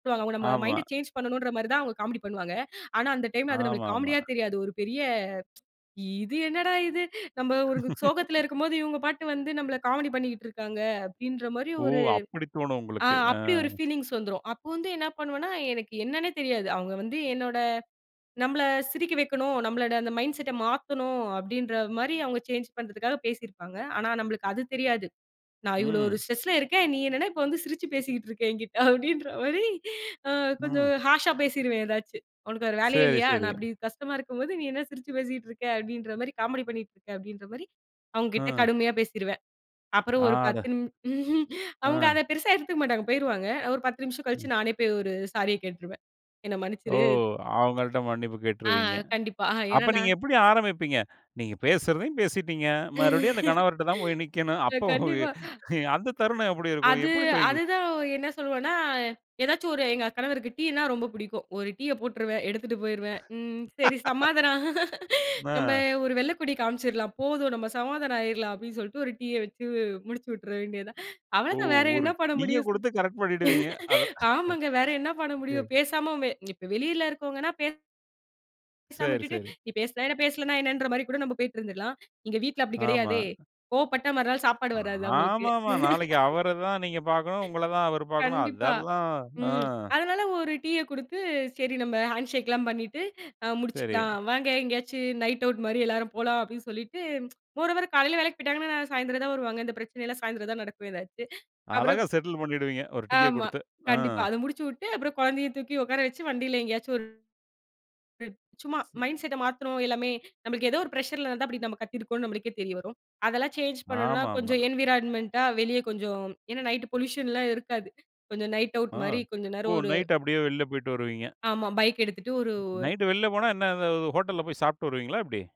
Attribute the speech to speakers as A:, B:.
A: இப்போ அவங்க நம்ம
B: ஆமா.
A: மைண்ட் சேஞ்ச் பண்ணணும்ன்ற மாதிரிதான் அவங்க காமெடி பண்ணுவாங்க. ஆனா அந்த டைம், அது நம்மளுக்குக்
B: ஆமாமா.
A: காமெடியா தெரியாது. ஒரு பெரிய, இது என்னடா இது! நம்ம ஒரு சோகத்துல இருக்கும்போது இவங்க பாட்டுக்கு வந்து நம்மள காமெடி பண்ணிக்கிட்டு இருக்காங்க. அப்படின்ற மாரி
B: ஓ!
A: ஒரு,
B: அப்படித் தோணும்
A: அ
B: உங்களுக்கு. அ.
A: அப்படி ஒரு ஃபீலிங்ஸ் வந்துரும். அப்போ வந்து என்ன பண்ணுவனா, எனக்கு என்னன்னே தெரியாது. அவங்க வந்து என்னோட நம்மள சிரிக்க வைக்கணும். நம்மளோட மைண்ட் செட்ட மாத்தணும் அப்டின்ற மாரி அவங்க சேஞ்ச் பண்றதுக்காகப் பேசி இருப்பாங்க. ஆனா நம்மளுக்கு அது தெரியாது. நான் இவ்வளவு ஒரு
B: ம்.
A: ஸ்ட்ரஸ்ல இருக்கேன். நீ என்னன்னா இப்போ வந்து சிரிச்சு பேசிக்கிட்டு இருக்க எங்கிட்டே. அப்டின்ற மாரி அ கொஞ்சம்
B: ம்.
A: ஹார்ஸ்ஸா பேசிடுவேன் எதாச்சும். உனக்கு வேற வேலையா
B: சரி,
A: இல்லையா?
B: சரி.
A: நான் அப்படி கஷ்டமா இருக்கும்போது, நீ என்ன சிரிச்சு பேசிக்கிட்டு இருக்க? அப்படின்ற மாரி காமெடி பண்ணிகிட்டு இருக்க? அப்டின்ற மாரி அவங்க கிட்ட
B: அ.
A: கடுமையா பேசிருவேன். அப்புறம் ஒரு
B: ஆட
A: பத்து நிமி அவங்க
B: அ.
A: அதப் பெருசா எடுத்துக்க மாட்டாங்க, போயிருவாங்க. ஒரு 10 நிமிஷம்
B: ம்.
A: கழிச்சு நானே போயி ஒரு சாரிய கேட்ருவேன். என்னை
B: ஓ!
A: மன்னிச்சிரு.
B: அவங்கள்ட மன்னிப்பு
A: ஆ,
B: கேட்டுருவீங்க.
A: கண்டிப்பா. ஏன்னா,
B: அப்ப
A: நா
B: நீங்க எப்படி ஆரம்பிப்பீங்க? நீங்கப் பேசுறதையும் பேசிட்டீங்க. மறுபடியும் அந்த கணவர்ட்ட தான் போய் நிக்கணும். அப்போ,
A: கண்டிப்பா.
B: அந்தத் தருணம் எப்படி இருக்கும்?
A: அது
B: எப்படி போய்
A: அது தான். என்ன சொல்லுவனா எதாச்சும் ஒரு எங்க கணவருக்கு டீனா ரொம்ப பிடிக்கும். ஒரு டீய போட்டுருவேன், எடுத்துட்டு போயிருவேன். ம், சரி சமாதானம். நம்ம
B: ஆ.
A: ஒரு வெள்ளைக்கொடி காமிச்சிரலாம், போதும் நம்ம சமாதானம் ஆயிரலாம் அப்படின்னு சொல்லிட்டு ஒரு டீ வச்சு முடிச்சுயுட்டு விட்ற வேண்டியதுதான்.
B: ஓ!
A: அவ்வளவுதான். வேற
B: ஒரு
A: என்ன பண்ண
B: டீய
A: முடியும்?
B: கொடுத்துக் கரெக்ட் பண்ணிடுவீங்க. அதான்.
A: ஆமாங்க. வேற என்ன பண்ண
B: சரி.
A: முடியும்? பேசாம வெ இப்ப வெளியில இருக்கறவங்கனா, பே பேசாம
B: சரி,
A: விட்டுட்டு,
B: சரி.
A: நீ பேசுனா என்ன? பேசலைன்னா என்னன்ற மாரி கூட நாம போயிட்டு இருந்துறலாம். இங்க வீட்டுல அப்படி
B: ஆமா.
A: கிடையாதே. கோபப்பட்ட மறுநாள் சாப்பாடு வராது அவங்களுக்கு.
B: ஆமாமா. நாளைக்கு அவரை தான் நீங்கப் பாக்கணும். உங்கள தான் அவர் பாக்கணும்.
A: கண்டிப்பா.
B: அதெல்லாம், ஆ
A: ம். அதனால ஒரு டீய கொடுத்து சரி நம்ம ஹண்ஷெக்லாம், அ பண்ணிட்டு
B: சரி.
A: முடிச்சுக்கலாம். வாங்க. எங்கேயாச்சும் நைட் ஆவுட் மாரி எல்லாரும் போலாம், அப்படின்னு சொல்லிட்டு, மோரோவர், காலைல வேலைக்குப் போயிட்டாங்கன்னா சாயந்தரம் தான் வருவாங்க. இந்தப் பிரச்சனை எல்லாம் சாயந்தரம் தான் நடக்கும் எதாச்சும். அப்புறம்
B: அழகா செட்டுல் பண்ணிடுவீங்க, ஒரு டீய
A: ஆமா.
B: குடுத்து. அ.
A: கண்டிப்பா அத முடிச்சுவுட்டு, அப்புறம் குழந்தையைத் தூக்கி உக்கார வச்சு வண்டியில எங்கேயாச்சும் ஒரு சும்மா மைண்ட்செட் மாத்தணும் எல்லாமே. நமக்கு ஏதோ ஒரு பிரஷ்சர் அப்படி நம்ம கத்திருக்கோம்னு நம்மளுக்கே தெரிய வரும். அதெல்லாம் சேஞ்ச் பண்ணனும்னா
B: ஆமாமா.
A: கொஞ்சம் என்வாயிராய்மன்ட்டா வெளிய கொஞ்சம் ஏன்னா, நைட் பொலீயுஷன் எல்லாம் இருக்காது. கொஞ்சம் நைட் ஆவுட் மாரி,
B: ம்.
A: கொஞ்ச
B: ஓ,
A: நேரம் ஒரு
B: நைட்டு அப்படியே வெளில போயிட்டு வருவீங்க.
A: ஆமா. பைக் எடுத்துட்டு ஒரு
B: நைட்டு வெளில போனா என்ன, இந்த ஹோட்டல்ல போய் சாப்பிட்டு வருவீங்களா? எப்படி.